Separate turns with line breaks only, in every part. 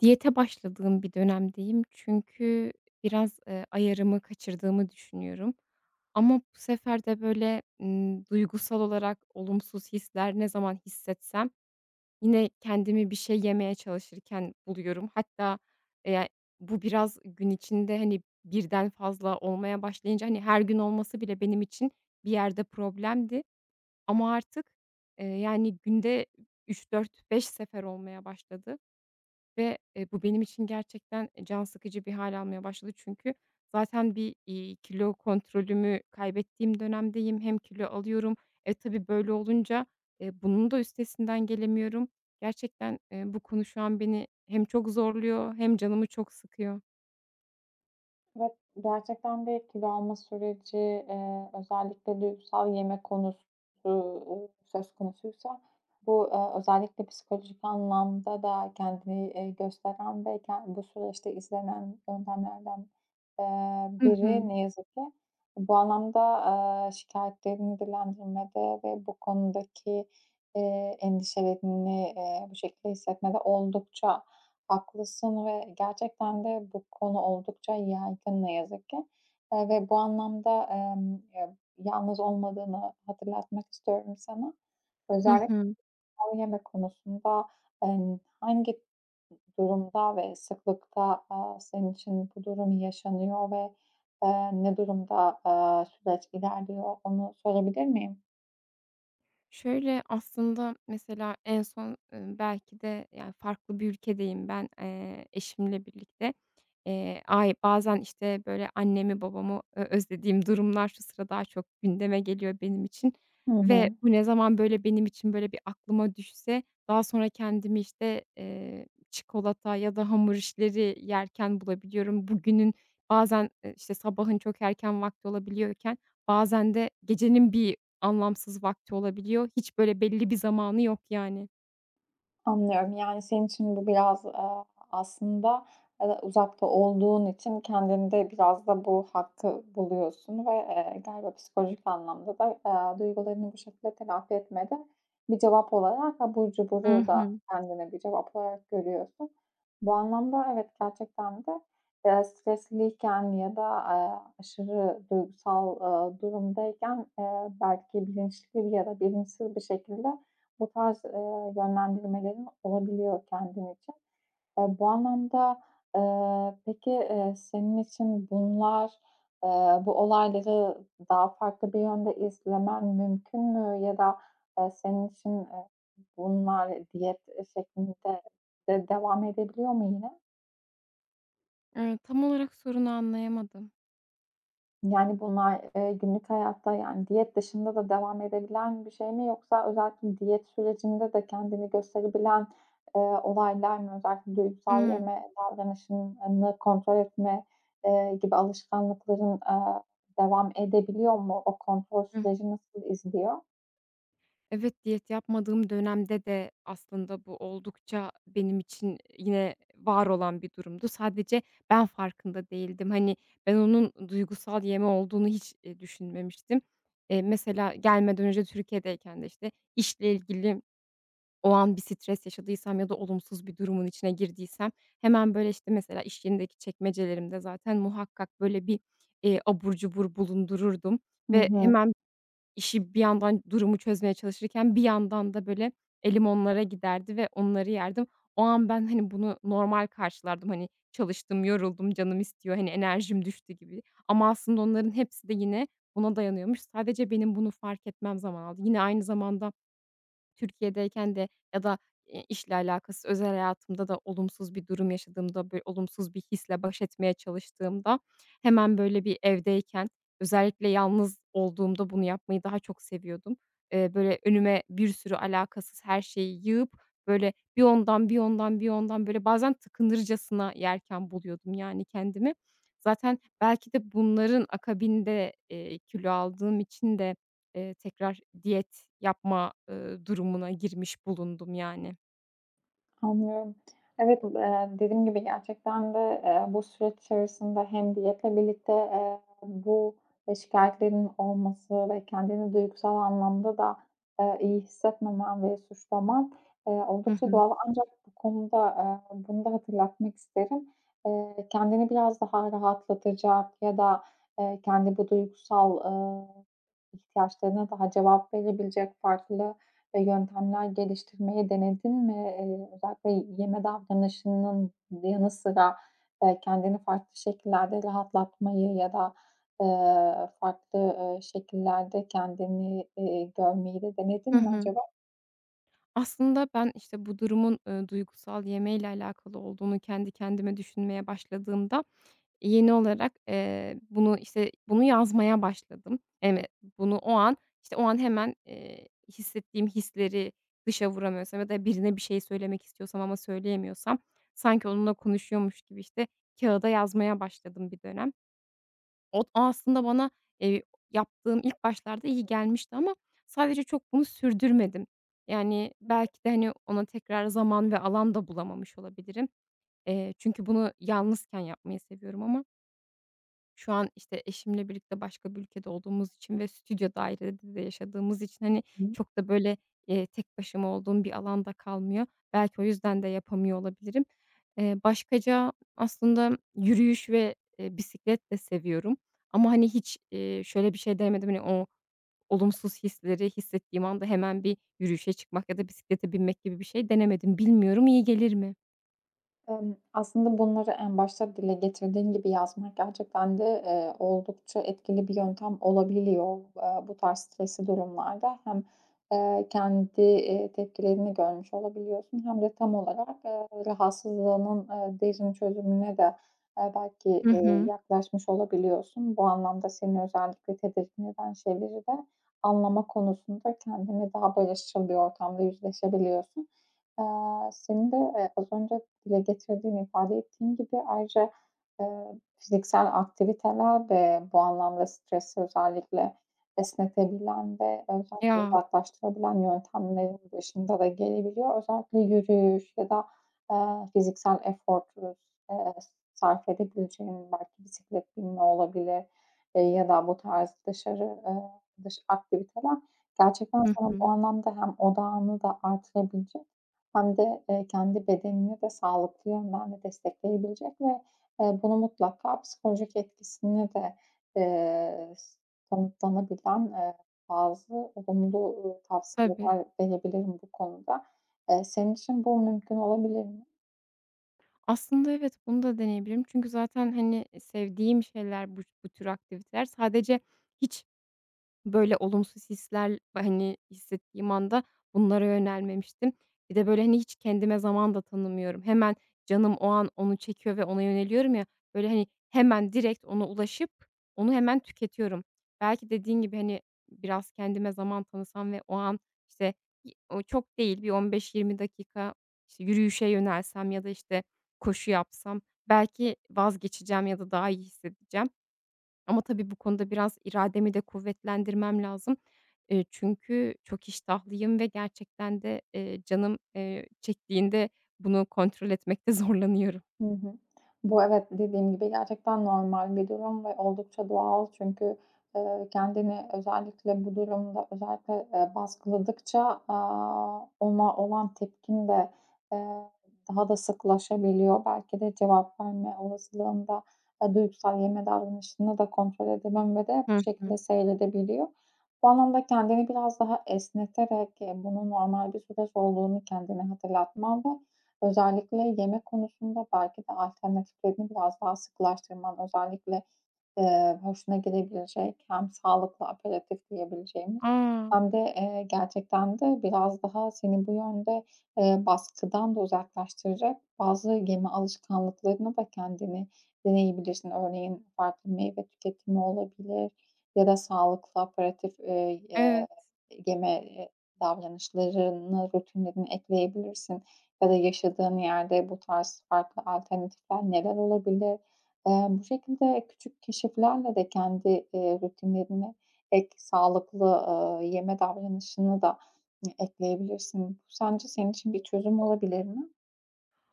Diyete başladığım bir dönemdeyim. Çünkü biraz, eee, ayarımı kaçırdığımı düşünüyorum. Ama bu sefer de, böyle, ımm, duygusal olarak olumsuz hisler ne zaman hissetsem, yine kendimi bir şey yemeye çalışırken buluyorum. Hatta, eee, ya, bu, biraz gün içinde, hani, 1'den fazla olmaya başlayınca; hani, her gün olması bile benim için bir yerde problemdi, ama artık, eee, yani, günde 3-4-5 sefer olmaya başladı ve, eee, bu benim için gerçekten, eee, can sıkıcı bir hâl almaya başladı. Çünkü zaten bir, iii, kilo kontrolümü kaybettiğim dönemdeyim. Hem kilo alıyorum. Eee, tabii böyle olunca, eee, bunun da üstesinden gelemiyorum. Gerçekten, eee, bu konu şu an beni hem çok zorluyor hem canımı çok sıkıyor.
Evet. Gerçekten de kilo alma süreci, eee, özellikle duygusal yeme konusu, uuu, söz konusuysa, bu, aaa, özellikle psikolojik anlamda da kendini, eee, gösteren ve ken bu süreçte izlenen yöntemlerden, aaa,
Hı
biri,
hı.
ne yazık ki. Bu anlamda, aaa, şikâyetlerini dillendirmede ve bu konudaki, eee, endişelerini, eee, bu şekilde hissetmede oldukça haklısın ve gerçekten de bu konu oldukça yaygın, ne yazık ki. Eee, ve bu anlamda, ımm, ya, yalnız olmadığını hatırlatmak istiyorum sana.
Hı
Özellik
hı.
ha yeme konusunda an hangi d durumda ve sıklıkta, aaa, senin için bu durum yaşanıyor ve, aaa, ne durumda, aaa, süreç ilerliyor, onu sorabilir miyim?
Şöyle aslında mesela en son, ııı, belki de, yani, farklı bir ülkedeyim ben, eee, eşimle birlikte. Eee, ay bazen, işte, böyle annemi babamı ö özlediğim durumlar şu sıra daha çok gündeme geliyor benim için.
Hı
Ve
hı.
bu ne zaman, böyle, benim için böyle bir aklıma düşse daha sonra kendimi, işte, eee, çikolata ya da hamur işleri yerken bulabiliyorum. Bugünün bazen, ııı, işte, sabahın çok erken vakti olabiliyorken bazen de gecenin bir anlamsız vakti olabiliyor. Hiç böyle belli bir zamanı yok, yani.
Anlıyorum. Yani, senin için bu biraz, aaa, aslında, aaa, uzakta olduğun için kendinde biraz da bu hakkı buluyorsun ve, eee, galiba psikolojik anlamda da, aaa, duygularını bu şekilde telafi etmede bir cevap olarak, abur
Hı
cuburu da
hı.
kendine bir cevap olarak görüyorsun. Bu anlamda evet, gerçekten de, eee, stresliyken ya da, aaa, aşırı duygusal, ııı, durumdayken, aaa, belki bilinçli ya da bilinçsiz bir şekilde bu tarz, ııı, yönlendirmelerin olabiliyor kendin için. Aaa, bu anlamda, aaa, peki, eee, senin için bunlar, aaa, bu olayları daha farklı bir yönde izlemen mümkün mü ya da, aaa, senin için, eee, bunlar diyet, eee, şeklinde de devam edebiliyor mu yine?
Eee, tam olarak sorunu anlayamadım.
Yani, bunlar, eee, günlük hayatta, yani, diyet dışında da devam edebilen bir şey mi yoksa özellikle diyet sürecinde de kendini gösterebilen, eee, olaylar mı? Özellikle duygusal
Imm.
yeme davranışını kontrol etme, eee, gibi alışkanlıkların, eee, devam edebiliyor mu? O kontrol
Hıh.
süreci nasıl izliyor?
Evet, diyet yapmadığım dönemde de aslında bu oldukça benim için, ııı, yine var olan bir durumdu. Sadece ben farkında değildim. Hani, ben onun duygusal yeme olduğunu hiç, eee, düşünmemiştim. Eee, mesela gelmeden önce Türkiye'deyken de, işte, işle ilgili o an bir stres yaşadıysam ya da olumsuz bir durumun içine girdiysem hemen, böyle, işte, mesela iş yerindeki çekmecelerimde zaten muhakkak böyle bir, eee, abur cubur bulundururdum
Hı
ve
hı.
hemen işi, bir yandan durumu çözmeye çalışırken, bir yandan da, böyle, elim onlara giderdi ve onları yerdim. O an ben, hani, bunu normal karşılardım. Hani, çalıştım, yoruldum, canım istiyor, hani, enerjim düştü gibi ama aslında onların hepsi de yine buna dayanıyormuş. Sadece benim bunu fark etmem zaman aldı. Yine aynı zamanda Türkiye'deyken de ya da, eee, işle alakasız özel hayatımda da olumsuz bir durum yaşadığımda, böyle, olumsuz bir hisle baş etmeye çalıştığımda hemen, böyle, bir, evdeyken, özellikle yalnız olduğumda bunu yapmayı daha çok seviyordum. Eee, böyle, önüme bir sürü alakasız her şeyi yığıp, böyle, bir ondan, bir ondan, bir ondan, böyle, bazen tıkınırcasına yerken buluyordum, yani, kendimi. Zaten belki de bunların akabinde, eee, kilo aldığım için de, eee, tekrar diyet yapma, eee, durumuna girmiş bulundum, yani.
Anlıyorum. Evet, bu eee, dediğim gibi, gerçekten de, eee, bu süreç içerisinde hem diyetle birlikte, eee, bu ve şikâyetlerinin olması ve kendini duygusal anlamda da, eee, iyi hissetmemen ve suçlaman, eee,
Hı
oldukça
hı.
doğal. Ancak bu konuda, aaa, bunu da hatırlatmak isterim. Eee, kendini biraz daha rahatlatacak ya da, eee, kendi bu duygusal, aaa, ihtiyaçlarına daha cevap verebilecek farklı, e, yöntemler geliştirmeyi denedin mi? Eee, özellikle yeme davranışının yanı sıra, eee, kendini farklı şekillerde rahatlatmayı ya da, aaa, farklı, ııı, şekillerde kendini, iii, görmeyi de denedin
Hı
mi
hı.
acaba?
Aslında, ben işte bu durumun, ııı, duygusal yemeyle alakalı olduğunu kendi kendime düşünmeye başladığımda yeni olarak, eee, bunu işte, bunu yazmaya başladım. [unintelligible] Bunu o an, işte, o an, hemen, eee, hissettiğim hisleri dışa vuramıyorsam ya da birine bir şey söylemek istiyorsam ama söyleyemiyorsam sanki onunla konuşuyormuş gibi, işte, kâğıda yazmaya başladım bir dönem. Ot aslında bana, eee, yaptığım ilk başlarda iyi gelmişti ama sadece çok bunu sürdürmedim. Yani, belki de, hani, ona tekrar zaman ve alan da bulamamış olabilirim. Eee, çünkü bunu yalnızken yapmayı seviyorum ama Şu an, işte, eşimle birlikte başka bir ülkede olduğumuz için ve stüdyo dairede de yaşadığımız için, hani,
Hı hı.
çok da böyle, eee, tek başıma olduğum bir alan da kalmıyor. Belki o yüzden de yapamıyor olabilirim. Eee, başkaca aslında yürüyüş ve, eee, bisiklet de seviyorum ama, hani, hiç, eee, şöyle bir şey denemedim, hani, o olumsuz hisleri hissettiğim anda hemen bir yürüyüşe çıkmak ya da bisiklete binmek gibi bir şey denemedim. Bilmiyorum, iyi gelir mi?
Emm, aslında bunları en başta dile getirdiğin gibi yazmak gerçekten de, eee, oldukça etkili bir yöntem olabiliyor. Eee, bu tarz stresli durumlarda hem, eee, kendi, eee, tepkilerini görmüş olabiliyorsun hem de tam olarak, eee, rahatsızlığının, eee, derin çözümüne de, eee, belki,
Hı
eee,
hı.
yaklaşmış olabiliyorsun. Bu anlamda seni özellikle tedirgin eden şeyleri de anlama konusunda kendinle daha barışçıl bir ortamda yüzleşebiliyorsun. Eee, senin de, eee, az önce dile getirdiğin ifade ettiğin gibi ayrıca, eee, fiziksel aktiviteler de bu anlamda stresi özellikle esnetebilen ve özellikle
Ya.
uzaklaştırabilen yöntemlerin başında da gelebiliyor. Özellikle yürüyüş ya da, eee, fiziksel efor [unintelligible] eee, sarf edebileceğin belki bisiklet binme olabilir, eee, ya da bu tarz dışarı, eee, dış aktiviteler. Gerçekten
Hı
sana bu
hı.
anlamda hem odağını da artırabilecek hem de, eee, kendi bedenini de sağlıklı yönden de destekleyebilecek ve, eee, bunu mutlaka psikolojik etkisini de, eee, kanıtlanabilen, eee, bazı olumlu, uuu,
Tabii.
tavsiyeler verebilirim bu konuda. Eee, senin için bu mümkün olabilir mi?
Aslında, evet, bunu da deneyebilirim. Çünkü zaten, hani, sevdiğim şeyler bu bu tür aktiviteler. Sadece hiç böyle olumsuz hisler, hani, hissettiğim anda bunlara yönelmemiştim. Bir de, böyle, hani, hiç kendime zaman da tanımıyorum. Hemen, canım o an onu çekiyor ve ona yöneliyorum ya, böyle, hani, hemen, direkt ona ulaşıp onu hemen tüketiyorum. Belki dediğin gibi, hani, biraz kendime zaman tanısam ve o an işte, ııı, o çok değil, bir 15-20 dakika, işte, yürüyüşe yönelsem ya da, işte, koşu yapsam belki vazgeçeceğim ya da daha iyi hissedeceğim. Ama tabii bu konuda biraz irademi de kuvvetlendirmem lazım. Eee, çünkü çok iştahlıyım ve gerçekten de, ııı, canım, eee, çektiğinde bunu kontrol etmekte zorlanıyorum.
Hı hı. Bu, evet, dediğim gibi gerçekten normal bir durum ve oldukça doğal çünkü, eee, kendini özellikle bu durumda, özellikle, eee, baskıladıkça, aaa, ona olan tepkin de, ııı, daha da sıklaşabiliyor. Belki de cevap verme olasılığında, eee, duygusal yeme davranışında da kontrol edebilme de
Hı
bu şekilde
hı.
seyredebiliyor. Bu anlamda kendini biraz daha esneterek, eee, bunun normal bir süreç olduğunu kendine hatırlatman ve özellikle yeme konusunda belki de alternatiflerini biraz daha sıkılaştırman Özellikle, ııı, hoşuna gidebilecek hem sağlıklı aperitif diyebileceğimiz
A!
hem de, eee, gerçekten de biraz daha seni bu yönde, ııı, baskıdan da uzaklaştıracak bazı yeme alışkanlıklarını da kendine deneyebilirsin. Örneğin, farklı meyve tüketimi olabilir ya da sağlıklı, aperitif, ııı, ya
Evet.
yeme, eee, davranışlarını rutinlerini ekleyebilirsin ya da yaşadığın yerde bu tarz farklı alternatifler neler olabilir? Eee, bu şekilde küçük keşiflerle de kendi, ııı, rutinlerini ek sağlıklı, ııı, yeme davranışını da, hani, ekleyebilirsin. Bu sence senin için bir çözüm olabilir mi?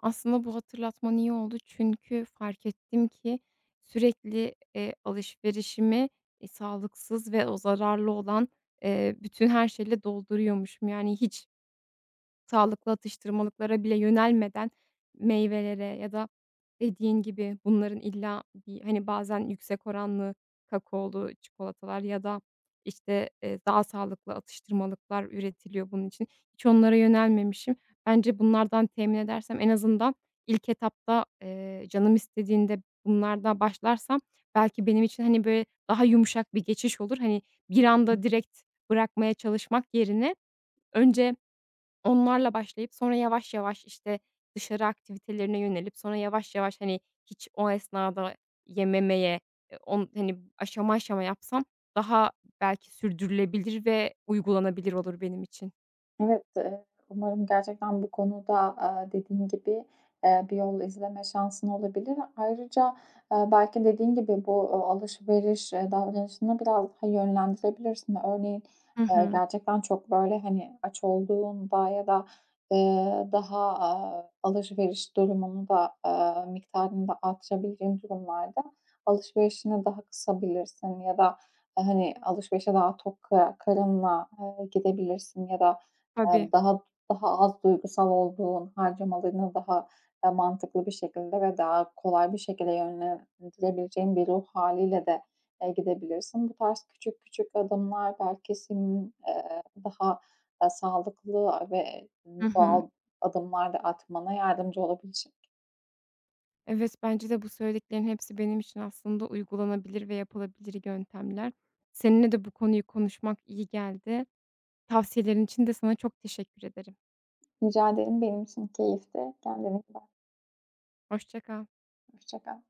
Aslında bu hatırlatman iyi oldu çünkü fark ettim ki, sürekli, eee, alışverişimi, iii, sağlıksız ve o zararlı olan, ııı, bütün her şeyle dolduruyormuşum. Yani, hiç sağlıklı atıştırmalıklara bile yönelmeden meyvelere ya da dediğin gibi bunların illa bir, hani, bazen yüksek oranlı, kakaolu çikolatalar ya da, işte, eee, daha sağlıklı atıştırmalıklar üretiliyor bunun için. Hiç onlara yönelmemişim. Bence bunlardan temin edersem en azından ilk etapta, eee, canım istediğinde bunlardan başlarsam belki benim için, hani, bir daha yumuşak bir geçiş olur. Hani, bir
[unintelligible]
anda direkt bırakmaya çalışmak yerine önce onlarla başlayıp sonra yavaş yavaş işte dışarı aktivitelerine yönelip, sonra yavaş yavaş, hani, hiç o esnada yememeye, o, hani, aşama aşama yapsam daha belki sürdürülebilir ve uygulanabilir olur benim için.
Evet, eee, umarım gerçekten bu konuda, aaa, dediğin gibi, ııı, bir yol izleme şansın olabilir. Ayrıca, ııı, belki dediğin gibi bu, uuu, alışveriş, eee, davranışını biraz daha yönlendirebilirsin. Örneğin,
Hı
ııı,
hı.
gerçekten çok, böyle, hani, aç olduğunda ya da, ııı, daha, aaa, alışveriş durumunda, aaa, miktarını da [unintelligible] durumlarda alışverişini daha kısabilirsin ya da, eee, hani, alışverişe daha tok ka karınla, ııı, gidebilirsin ya da,
Tabii.
ııı, daha daha az duygusal olduğun harcamalarını daha da mantıklı bir şekilde ve daha kolay bir şekilde yönlendirebileceğin bir ruh hâliyle de, eee, gidebilirsin. Bu tarz küçük küçük adımlar belki senin, ııı, daha sağlıklı ve,
Hı
ııı,
hı.
doğal adımlar da atmana yardımcı olabilecek.
Evet, bence de. Bu söylediklerinin hepsi benim için aslında uygulanabilir ve yapılabilir yöntemler. Seninle de bu konuyu konuşmak iyi geldi. Tavsiyelerin içinde sana çok teşekkür ederim.
Rica ederim, benim için keyifti, kendine iyi bak.
Hoşça kal.
Hoşça kal.